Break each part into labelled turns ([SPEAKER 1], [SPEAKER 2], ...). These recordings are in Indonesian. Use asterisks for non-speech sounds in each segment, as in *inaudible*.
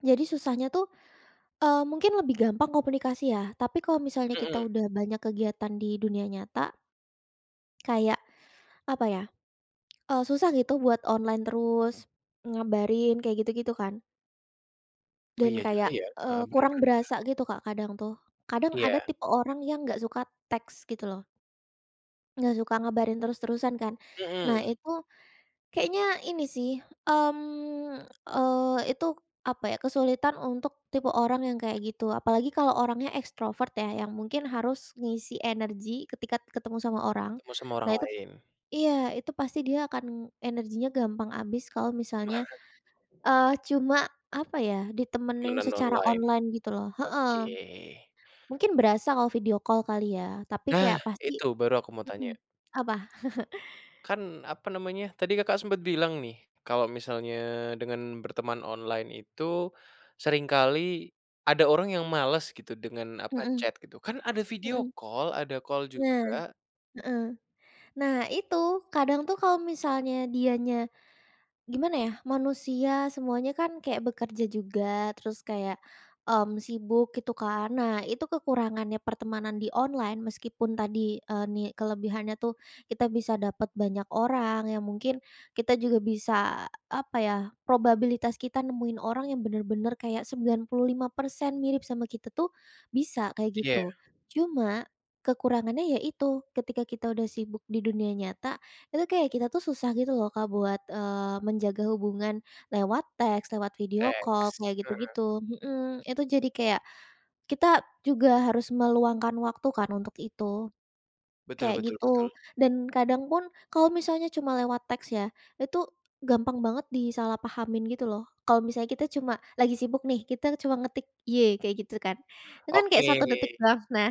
[SPEAKER 1] Jadi susahnya tuh, eee, mungkin lebih gampang komunikasi ya, tapi kalau misalnya kita
[SPEAKER 2] Mhm.
[SPEAKER 1] udah banyak kegiatan di dunia nyata kayak, apa ya, eee, susah gitu buat online terus, ngabarin kayak gitu-gitu kan.
[SPEAKER 2] Oh
[SPEAKER 1] Dan
[SPEAKER 2] iya juga
[SPEAKER 1] kayak,
[SPEAKER 2] ya,
[SPEAKER 1] eee,
[SPEAKER 2] heeh, bener
[SPEAKER 1] kurang
[SPEAKER 2] bener bener.
[SPEAKER 1] berasa gitu Kak, kadang tuh. Kadang ada
[SPEAKER 2] Iya.
[SPEAKER 1] tipe orang yang nggak suka teks, gitu loh. Nggak suka ngabarin terus-terusan kan. Nah
[SPEAKER 2] Hmm.
[SPEAKER 1] itu, kayaknya ini sih, mmm, eee, itu apa ya, kesulitan untuk tipe orang yang kayak gitu. Apalagi kalau orangnya ekstrovert ya, yang mungkin harus ngisi energi ketika ketemu sama orang.
[SPEAKER 2] Ketemu sama
[SPEAKER 1] Nah
[SPEAKER 2] orang
[SPEAKER 1] itu
[SPEAKER 2] lain.
[SPEAKER 1] iya, itu pasti dia akan energinya gampang habis kalau misalnya,
[SPEAKER 2] *chuckles*
[SPEAKER 1] eee, cuma apa ya, ditemenin
[SPEAKER 2] Temenan
[SPEAKER 1] secara
[SPEAKER 2] online.
[SPEAKER 1] online gitu loh, heeh.
[SPEAKER 2] Oke.
[SPEAKER 1] Mungkin berasa kalau video call kali ya, tapi
[SPEAKER 2] Nah,
[SPEAKER 1] kayak pasti
[SPEAKER 2] itu baru aku mau tanya.
[SPEAKER 1] hmm. Apa? *chuckles*
[SPEAKER 2] Kan apa namanya, tadi Kakak sempat bilang nih, kalau misalnya dengan berteman online itu, seringkali ada orang yang males gitu dengan apa,
[SPEAKER 1] Hmm
[SPEAKER 2] chat gitu, kan ada video
[SPEAKER 1] hmm.
[SPEAKER 2] call, ada call
[SPEAKER 1] Nah,
[SPEAKER 2] juga.
[SPEAKER 1] heeh. Nah itu, kadang tuh kalau misalnya dianya gimana ya, manusia semuanya kan kayak bekerja juga, terus kayak, mmm, sibuk gitu kan. Nah, itu kekurangannya pertemanan di online meskipun tadi, eee, ni kelebihannya tuh kita bisa dapat banyak orang yang mungkin kita juga bisa apa ya, probabilitas kita nemuin orang yang bener-bener kayak 95% mirip sama kita tuh, bisa kayak
[SPEAKER 2] Iya.
[SPEAKER 1] gitu. Cuma, kekurangannya ya itu, ketika kita udah sibuk di dunia nyata, itu kayak kita tuh susah gitu loh Kak buat, eee, menjaga hubungan lewat teks, lewat video call,
[SPEAKER 2] Teks.
[SPEAKER 1] kayak
[SPEAKER 2] Mhm.
[SPEAKER 1] gitu-gitu. Hmm, itu jadi kayak, kita juga harus meluangkan waktu kan untuk itu,
[SPEAKER 2] Betul
[SPEAKER 1] kayak
[SPEAKER 2] betul betul.
[SPEAKER 1] gitu, dan kadang pun kalau misalnya cuma lewat teks ya, itu gampang banget disalahpahamin gitu loh. Kalau misalnya kita cuma lagi sibuk nih, kita cuma ngetik, "Y" kayak gitu kan, itu kan kayak 1
[SPEAKER 2] Oke.
[SPEAKER 1] detik doang. Nah,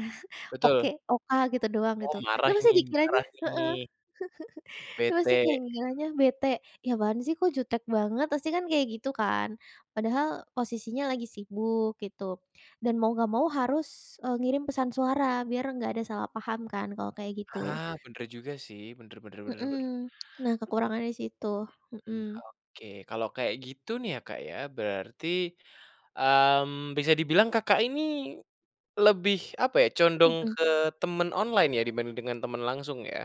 [SPEAKER 2] Betul.
[SPEAKER 1] oke, O-K gitu doang,
[SPEAKER 2] Oh,
[SPEAKER 1] gitu. Itu
[SPEAKER 2] marah
[SPEAKER 1] pasti
[SPEAKER 2] ini
[SPEAKER 1] dikiranya
[SPEAKER 2] marah
[SPEAKER 1] heeh.
[SPEAKER 2] ini.
[SPEAKER 1] *chuckles* Pasti
[SPEAKER 2] Bete
[SPEAKER 1] kayak
[SPEAKER 2] gitu.
[SPEAKER 1] ngiranya bete, "Ih apaan sih, kok jutek banget" Pasti kan kaya gitu kan? Padahal posisinya lagi sibuk, gitu, dan mau nggak mau harus, eee, ngirim pesan suara biar enggak ada salah paham kan kalau kayak gitu.
[SPEAKER 2] Ah, bener juga sih. Bener bener bener bener.
[SPEAKER 1] Hmm. Nah, kekurangannya di situ,
[SPEAKER 2] Hmm hmm, mmm,
[SPEAKER 1] hmm.
[SPEAKER 2] oke. Kalau kayak gitu nih ya Kak ya, berarti, mmm, bisa dibilang Kakak ini lebih apa ya, condong
[SPEAKER 1] Mhm.
[SPEAKER 2] ke temen online ya dibanding dengan temen langsung ya?